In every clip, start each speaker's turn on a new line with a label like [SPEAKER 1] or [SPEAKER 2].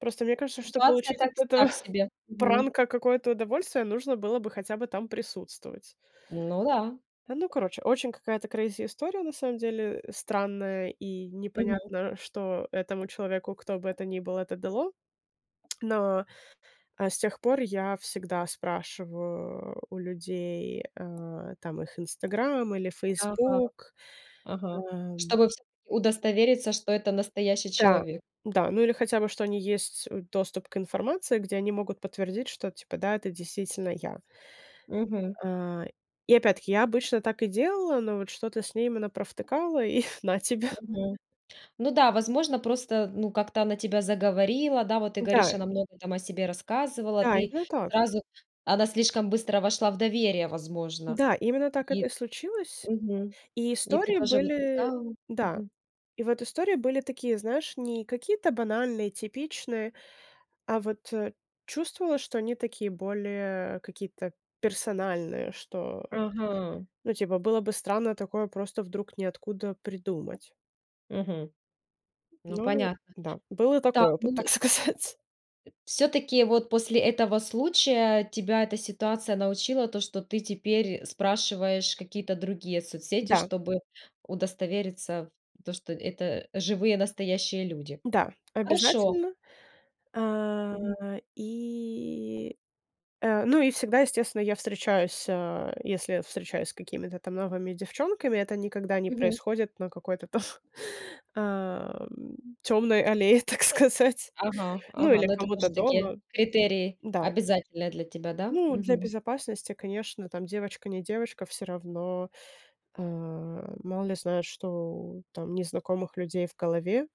[SPEAKER 1] Просто мне кажется, что
[SPEAKER 2] Ситуация
[SPEAKER 1] получить
[SPEAKER 2] так
[SPEAKER 1] от этого
[SPEAKER 2] так себе. Мгм.
[SPEAKER 1] пранка какое-то удовольствие, нужно было бы хотя бы там присутствовать.
[SPEAKER 2] Ну да.
[SPEAKER 1] А, ну, короче. Очень какая-то крейзи история, на самом деле, э, странная, и
[SPEAKER 2] Мгм.
[SPEAKER 1] непонятно, что этому человеку, кто бы это ни был, это дало. Но, э, с тех пор я всегда спрашиваю у людей, э, там, их "Инстаграм" или
[SPEAKER 2] Ага.
[SPEAKER 1] "Фейсбук".
[SPEAKER 2] Ага.
[SPEAKER 1] Ам.
[SPEAKER 2] Чтобы всё-таки удостовериться, что это настоящий
[SPEAKER 1] Да,
[SPEAKER 2] человек.
[SPEAKER 1] да, ну, или хотя бы, что они есть, э- доступ к информации, где они могут подтвердить, что типа, да, это действительно я.
[SPEAKER 2] Мгм.
[SPEAKER 1] А, и опять-таки, я обычно так и делала, но вот что-то с ней мы напровтыкала и на тебе.
[SPEAKER 2] Мгм. Ну да, возможно, просто, э, ну, как-то она тебя заговорила, да, вот ты
[SPEAKER 1] Да.
[SPEAKER 2] говоришь, она много там о себе рассказывала,
[SPEAKER 1] Да,
[SPEAKER 2] ты
[SPEAKER 1] именно так.
[SPEAKER 2] сразу она слишком быстро вошла в доверие, возможно.
[SPEAKER 1] Да, именно так
[SPEAKER 2] И
[SPEAKER 1] это и случилось.
[SPEAKER 2] Мгм,
[SPEAKER 1] И
[SPEAKER 2] и ты
[SPEAKER 1] истории
[SPEAKER 2] тоже вот
[SPEAKER 1] были
[SPEAKER 2] искала
[SPEAKER 1] да,
[SPEAKER 2] Мгм.
[SPEAKER 1] и вот истории были такие, знаешь, не какие-то банальные, типичные, а вот, э, чувствовала, что они такие более какие-то персональные, что,
[SPEAKER 2] Ага.
[SPEAKER 1] ну, типа, было бы странно такое просто вдруг ниоткуда придумать.
[SPEAKER 2] Мгм. Ну,
[SPEAKER 1] Ну
[SPEAKER 2] понятно
[SPEAKER 1] да, был и
[SPEAKER 2] так,
[SPEAKER 1] такой
[SPEAKER 2] ну,
[SPEAKER 1] опыт, так
[SPEAKER 2] и
[SPEAKER 1] сказать.
[SPEAKER 2] всё-таки, вот, после этого случая тебя эта ситуация научила то, что ты теперь спрашиваешь какие-то другие соцсети,
[SPEAKER 1] Да.
[SPEAKER 2] чтобы удостовериться в то, что это живые, настоящие люди?
[SPEAKER 1] Да,
[SPEAKER 2] Хорошо.
[SPEAKER 1] обязательно. А,
[SPEAKER 2] Мгм.
[SPEAKER 1] и э, ну и всегда, естественно, я встречаюсь а, если встречаюсь с какими-то там новыми девчонками, это никогда не
[SPEAKER 2] Мгм.
[SPEAKER 1] происходит на какой-то там, ам, тёмной аллее, так сказать.
[SPEAKER 2] Ага,
[SPEAKER 1] Ну,
[SPEAKER 2] ага.
[SPEAKER 1] или
[SPEAKER 2] Ну, это
[SPEAKER 1] кому-то
[SPEAKER 2] тоже такие
[SPEAKER 1] дома.
[SPEAKER 2] критерии
[SPEAKER 1] Да.
[SPEAKER 2] обязательные для тебя, да?
[SPEAKER 1] Ну, для
[SPEAKER 2] Мгм.
[SPEAKER 1] безопасности, конечно, там девочка не девочка, всё равно, а, мало ли знают, что там незнакомых людей в голове.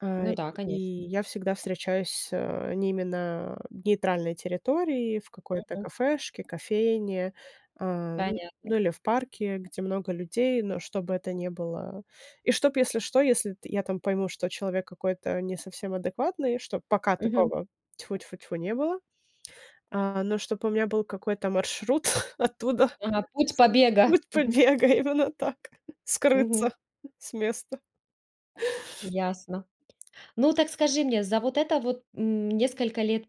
[SPEAKER 1] А,
[SPEAKER 2] Ну да,
[SPEAKER 1] и
[SPEAKER 2] конечно.
[SPEAKER 1] я всегда встречаюсь, э, не именно нейтральной территории, в какой-то
[SPEAKER 2] Мгм.
[SPEAKER 1] кафешке, кофейне, а, н ну,
[SPEAKER 2] Понятно.
[SPEAKER 1] или в парке, где много людей, но чтобы это не было и чтоб, если что, если т я там пойму, что человек какой-то не совсем адекватный, что пока
[SPEAKER 2] Мгм.
[SPEAKER 1] такого, тьфу-тьфу-тьфу, не было. А, но чтоб у меня был какой-то маршрут оттуда,
[SPEAKER 2] Ага. Путь побега.
[SPEAKER 1] путь
[SPEAKER 2] Мгм.
[SPEAKER 1] побега- именно так,
[SPEAKER 2] Мгм.
[SPEAKER 1] скрыться с места.
[SPEAKER 2] Ясно. Ну, так скажи мне, за вот это вот н несколько лет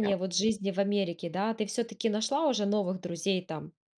[SPEAKER 1] Да.
[SPEAKER 2] вот жизни в Америке, да, ты всё-таки нашла уже новых друзей там?